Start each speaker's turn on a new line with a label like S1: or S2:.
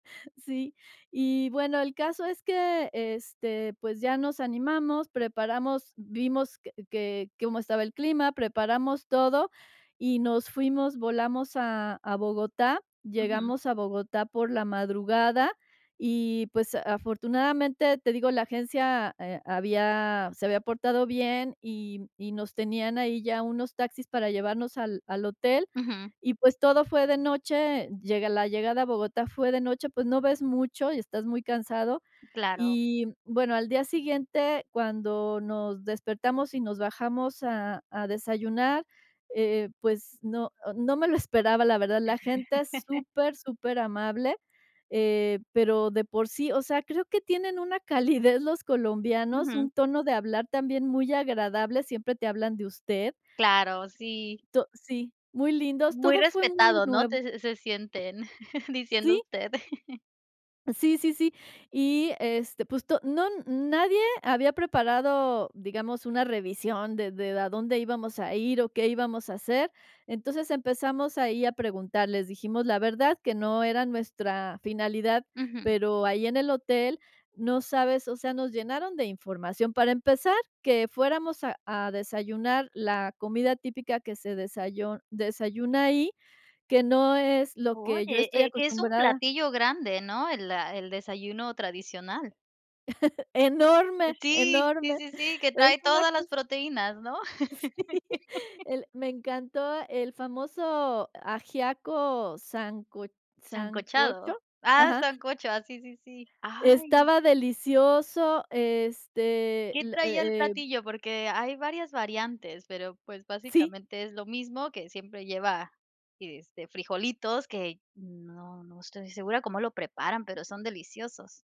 S1: Sí. Y, bueno, el caso es que, este, pues ya nos animamos, preparamos vimos que que cómo estaba el clima, preparamos todo y nos fuimos. Volamos a a Bogotá.
S2: Ujú.
S1: Llegamos a Bogotá por la madrugada y, pues, a afortunadamente, te digo, la agencia, eh, había se había portado bien y y nos tenían ahí ya unos taxis para llevarnos al al hotel.
S2: Ujú.
S1: Y, pues, todo fue de noche, llega la llegada a Bogotá fue de noche, pues no ves mucho y estás muy cansado.
S2: Claro.
S1: Y, mm, bueno, al día siguiente, cuando nos despertamos y nos bajamos a a desayunar, eh, pues no no me lo esperaba, la verdad. La gente es super, superamable, eh, pero de por sí, o sea, creo que tienen una calidez los colombianos,
S2: Ujú.
S1: un tono de hablar también muy agradable. Siempre te hablan de usted.
S2: Claro. Sí.
S1: To sí, muy lindos.
S2: Muy
S1: Todo fue muy
S2: respetado, ¿no?
S1: nuevo.
S2: Te se se sienten, diciendo
S1: Sí.
S2: usted.
S1: Sí, sí, sí. Y, este, pues to no nadie había preparado, digamos, una revisión de de a dónde íbamos a ir o qué íbamos a hacer. Entonces, empezamos ahí a preguntarles. Dijimos, la verdad, que no era nuestra finalidad.
S2: Ujú.
S1: Pero ahí en el hotel, no sabes, o sea, nos llenaron de información. Para empezar, que fuéramos a a desayunar la comida típica que se desayo desayuna ahí, que no es lo que yo
S2: Oye,
S1: estoy
S2: eh, que es un
S1: acostumbrada.
S2: platillo grande, ¿no? El la el desayuno tradicional. Eh,
S1: Enorme.
S2: sí, sí,
S1: Enorme.
S2: sí, sí, que
S1: Es
S2: trae
S1: una
S2: todas las
S1: cos
S2: proteínas, ¿no?
S1: Sí. El me encantó el famoso ajiaco sanco
S2: ¿Sancochado?
S1: ¿sancocho?
S2: Ah,
S1: Ajá.
S2: sancocho. Ah, sí, sí, sí. ¡Ay!
S1: Estaba delicioso, este,
S2: ¿Qué
S1: la
S2: traía el
S1: e eh
S2: platillo? Porque hay varias variantes, pero pues
S1: Sí.
S2: básicamente es lo mismo que siempre lleva, y, este, frijolitos que no no estoy segura cómo lo preparan, pero son deliciosos.